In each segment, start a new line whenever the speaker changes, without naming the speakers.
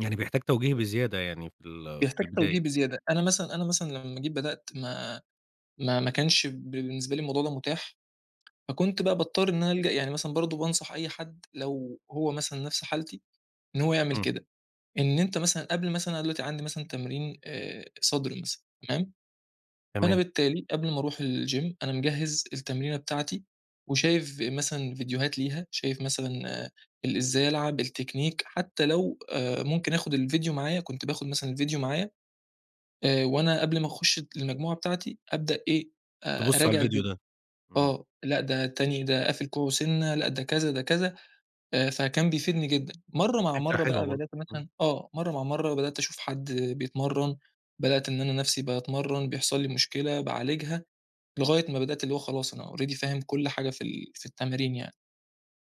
يعني بيحتاج توجيه بزيادة يعني في ال في
بيحتاج
البداية؟
توجيه بزيادة، أنا مثلًا أنا مثلًا لمّا جيت بدأت ما ما ما كانش ب بالنسبة لي الموضوع ده مُتاح، فكُنت بقى باضطر إن أنا ألجأ يعني مثلًا برضه بانصح أي حد، لو هو مثلًا نفس حالتي إن هو يعمل
إمم.
كده، إن أنت مثلًا قبل مثلًا أنا دلوقتي عندي مثلًا تمرين آآ، صدر مثلًا، تمام؟ فأنا
تمام.
بالتالي قبل ما أروح الgym، أنا مجَهّز التمرينة بتاعتي وشايف ف مثلًا فيديوهات ليها، شايف مثلًا ال إزاي ألعب، التكنيك حتى لو آآ، ممكن آخد الفيديو معايا، كنت باخد مثلًا الفيديو معايا، آآ، وأنا قبل ما أخُشّ المجموعة بتاعتي أبدأ إيه، أ
تبُصّ على
أراجع
الفيديو
الفيديو.
ده، امم.
آه، لأ ده التاني ده قافل كوعُه سِنّة، لأ ده كذا ده كذا آآ، فكان بيفيدني جدًا، مرّه مع
فكرة
مرّه
حلوة
بقى،
برضه،
بدأت
آه.
مثلًا آه، مرّه مع مرّه بدأت أشوف حد بيتمرّن، بدأت إن أنا نَفسي باتمَرّن بيحصل لي مشكلة، باعالجها، لغاية ما بدأت اللي هو خلاص أنا already فاهم كُلّ حاجة في ال في التمرين يعني.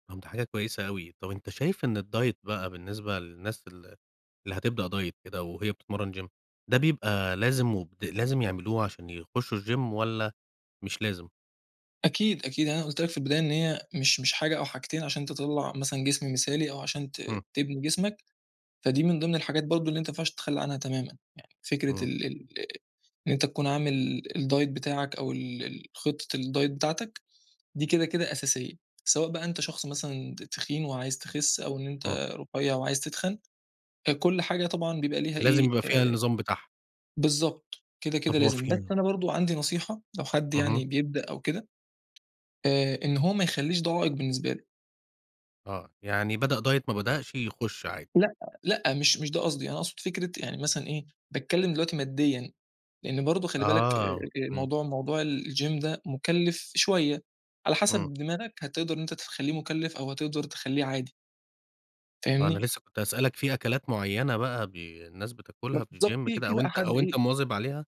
طب ده حاجة كويسة أوي، طب أنت شايف إن الdiet بقى بالنسبة للناس اللي اللي هتبدأ diet كده وهي بتتمرّن gym ده بيبقى لازم وبد لازم يعملوه عشان يخشوا الgym والَّا مش لازم؟
أكيد، أكيد أنا قُلت لك في البداية إن هي مش مش حاجة أو حاجتين عشان تطَلّع مثلًا جسم مثالي أو عشان ت
إمم.
تبني جسمك، فدي من ضمن الحاجات برضه اللي أنت ما ينفعش تتخلّى عنها تمامًا. يعني فكرة
إمم.
ال ال إن أنت تكون عامل ال الdiet بتاعك أو ال ال خطة الdiet بتاعتك دي كده، كده أساسية، سواء بقى أنت شخص مثلًا ت تخين وعايز تخِسّ، أو إن
إمم.
أنت رُفيَّع وعايز تِتخَن، فكُلّ حاجة طبعًا بيبقى ليها
لازم
إيه،
يبقى فيها
آآ،
النظام بتاعها.
بالضبط، كده، كده
طب هو
لازم.
في
بس
ن
أنا برضه عندي نصيحة لو حد
اهم.
يعني بيبدأ أو كده، آآ، إن هو ما يخلّيش ده عائق بالنسبة له.
آه، يعني بدأ diet، ما بدأشِ، يُخشّ عادي.
لأ، لأ مش مش ده قصدي، أنا أقصد فكرة يعني مثلًا إيه، باتكلّم دلوقتي ماديًا، لأن برضه خلّي بالك أ أ
آه، امم.
الموضوع موضوع الgym ده مُكلِّف شوية، على
امم.
حسب دماغك هتقدر إن أنت تخلّيه مُكلِّف أو هتقدر تخلّيه عادي.
آه، أنا
فاهمني؟
لسه كنت هأسألك في أكلات معينة بقى ب الناس بتاكلها في
بالضبط،
الgym
في
كده
في
أو
بقى
أنت
حد
أو أنت
إيه
مواظب عليها؟